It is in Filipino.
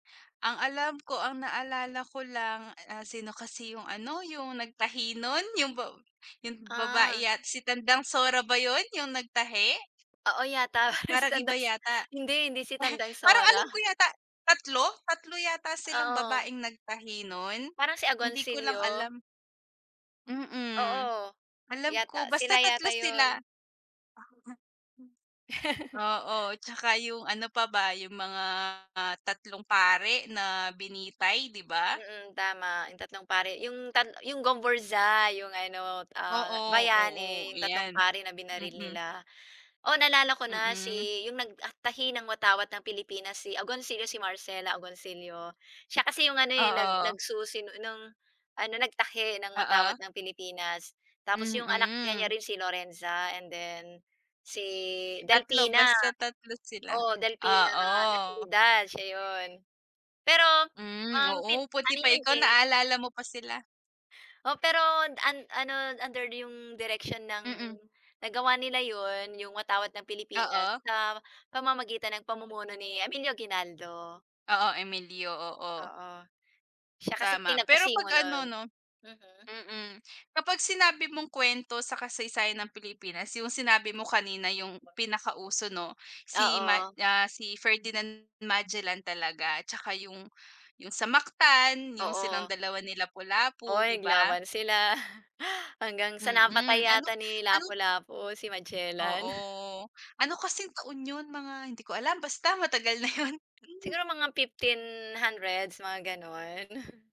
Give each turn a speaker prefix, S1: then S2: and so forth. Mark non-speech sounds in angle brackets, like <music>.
S1: Ang alam ko, ang naalala ko lang, ah, sino kasi yung ano, yung nagtahi nun, yung ba yung
S2: Ah.
S1: babae yat si Tandang Sora ba yun, yung nagtahi?
S2: Oo yata, si
S1: Parang iba
S2: Tandas.
S1: yata.
S2: Hindi, hindi si
S1: <laughs>
S2: Tandang
S1: Parang
S2: Sora.
S1: alam ko yata 3, 3 yata silang
S2: Oo.
S1: babaeng nagtahihin nun,
S2: Parang si
S1: hindi ko lang
S2: Agoncillo.
S1: alam. Mm.
S2: Oo,
S1: Alam
S2: yata.
S1: ko basta
S2: Sila
S1: 3
S2: yata
S1: sila.
S2: 'yon.
S1: <laughs> Oo,
S2: <laughs>
S1: tsaka yung ano pa ba, yung mga tatlong pari na binitay, 'di ba?
S2: Mm, tama yung tatlong pari, yung tat yung Gomburza yung ano, ah,
S1: Oo, oo,
S2: bayani yung tatlong
S1: 'yan.
S2: pari na binaril
S1: Mm.
S2: nila. Oh, naalala ko na
S1: Mm.
S2: si yung nagtahi ng watawat ng Pilipinas si Agoncillo, si Marcela Agoncillo. Siya kasi yung ano, nag
S1: Oo.
S2: nagsusi ng ano, nagtahi ng
S1: Oo.
S2: watawat ng Pilipinas tapos yung anak niya niya
S1: Mhm.
S2: rin si Lorenza and then si
S1: 3
S2: Delfina,
S1: basta, 3 sila.
S2: oo, Delfina
S1: Oo.
S2: Natividad siya yun. Pero,
S1: Hmm,
S2: um, pe
S1: oo, buti
S2: ano
S1: pa
S2: yun
S1: ikaw,
S2: eh.
S1: naalala mo pa sila.
S2: Oo, pero an ano, under din yung direksyon ng
S1: Mm.
S2: nagawa nila yun, yung watawat ng Pilipinas
S1: Oo.
S2: sa pamamagitan ng pamumuno ni Emilio Aguinaldo.
S1: Oo, Emilio, oo.
S2: Oo. Siya kasi
S1: Tama. Pero
S2: pinagpasimo
S1: pag
S2: no'n,
S1: ano, 'no,
S2: mm.
S1: mm, kapag sinabi mong kwento sa kasaysayan ng Pilipinas yung sinabi mo kanina yung pinakauso, 'no, si ma,
S2: Oo.
S1: ah, si Ferdinand Magellan talaga tsaka yung yung sa Mactan, yung silang
S2: Oo.
S1: 2 ni
S2: Oo,
S1: Lapu-Lapu, 'di ba?
S2: naglaban sila, hanggang sa napatay
S1: Mm, ano
S2: yata ni
S1: ano
S2: Lapu-Lapu si Magellan.
S1: Oo, ano kasing taon yun, mga hindi ko alam, basta matagal na yun, hmm.
S2: Siguro mga 1500, mga gano'n.